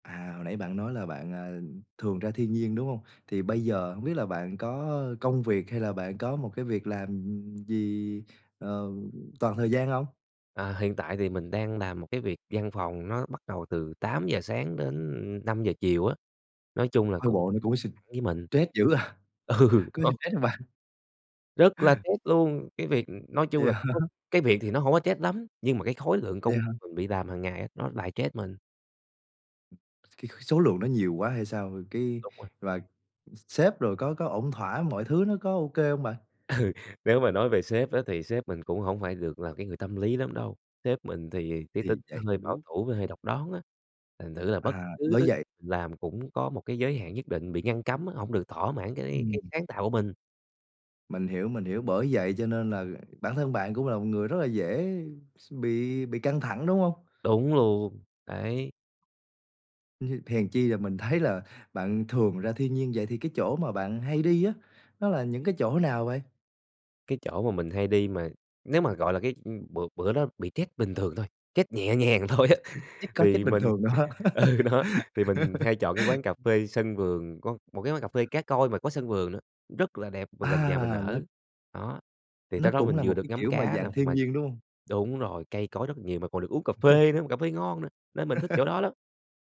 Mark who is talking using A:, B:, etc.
A: À, hồi nãy bạn nói là bạn, à, thường ra thiên nhiên, đúng hông? Thì bây giờ hông biết là bạn có công việc, hay là bạn có một cái việc làm, ừm, ừm, gì, ờ, toàn thời gian hông?
B: À, hiện tại thì mình đang làm một cái việc văn phòng nó bắt đầu từ 8:00 sáng đến 5:00 chiều á, nói chung là
A: Coi
B: cũng
A: bộ nó cũng s
B: với mình.
A: stress dữ à,
B: Ừ
A: có [unintelligible]
B: nó
A: stress không bạn.
B: rất là stress luôn, cái việc, ừm nói chung
A: Vậy
B: là
A: hả?
B: nó cái việc thì nó hông có stress lắm, nhưng mà cái khối lượng
A: Vậy
B: công
A: hả?
B: mình bị làm hàng ngày nó lại stress mình.
A: số lượng nó nhiều quá hay sao, ờ, cái,
B: Đúng rồi.
A: và ưm, sếp rồi có có ổn thỏa, mọi thứ nó có ô kê hông bạn?
B: Ừ, nếu mà nói về sếp á thì sếp mình cũng hổng phải được là cái người tâm lý lắm đâu. Sếp mình thì cái tính
A: Thì
B: nó
A: vậy,
B: hơi bảo
A: hiểu.
B: thủ với hơi độc đoán á, thành thử là bất
A: À,
B: cứ
A: bởi
B: thứ
A: vậy
B: mình làm cũng có một cái giới hạn nhất định bị ngăn cấm á, hổng được thỏa mãn cái cái
A: Ừm.
B: sáng tạo của mình.
A: Mình hiểu, mình hiểu, bởi vậy cho nên là bản thân bạn cũng là một người rất là dễ s bị bị căng thẳng, đúng hông?
B: Đúng luôn, đấy.
A: hèn chi là mình thấy là bạn thường ra thiên nhiên. Vậy thì cái chỗ mà bạn hay đi á, nó là những cái chỗ nào vậy?
B: Cái chỗ mà mình hay đi mà nếu mà, gọi là, cái ưm, bữa bữa đó bị stress bình thường thôi, stress nhẹ nhàng thôi á,
A: [unintelligible] có stress
B: thì
A: bình
B: mình
A: thường nữa hả?
B: ừ, đó, thì mình hay chọn cái quán cà phê sân vườn, có một cái quán cà phê cá Koi mà có sân vườn nữa, rất là đẹp mà gần nhà mình
A: À, nó
B: ở. Đó, thì
A: nó
B: tới đó
A: cũng
B: mình
A: là
B: vừa
A: một
B: được
A: cái,
B: ngắm
A: kiểu mà,
B: cá nè,
A: dạng thiên
B: mà
A: nhiên, đúng hông?
B: đúng rồi, cây cối rất là nhiều mà còn được uống cà phê nữa mà cà phê ngon nữa, nên mình thích chỗ đó lắm.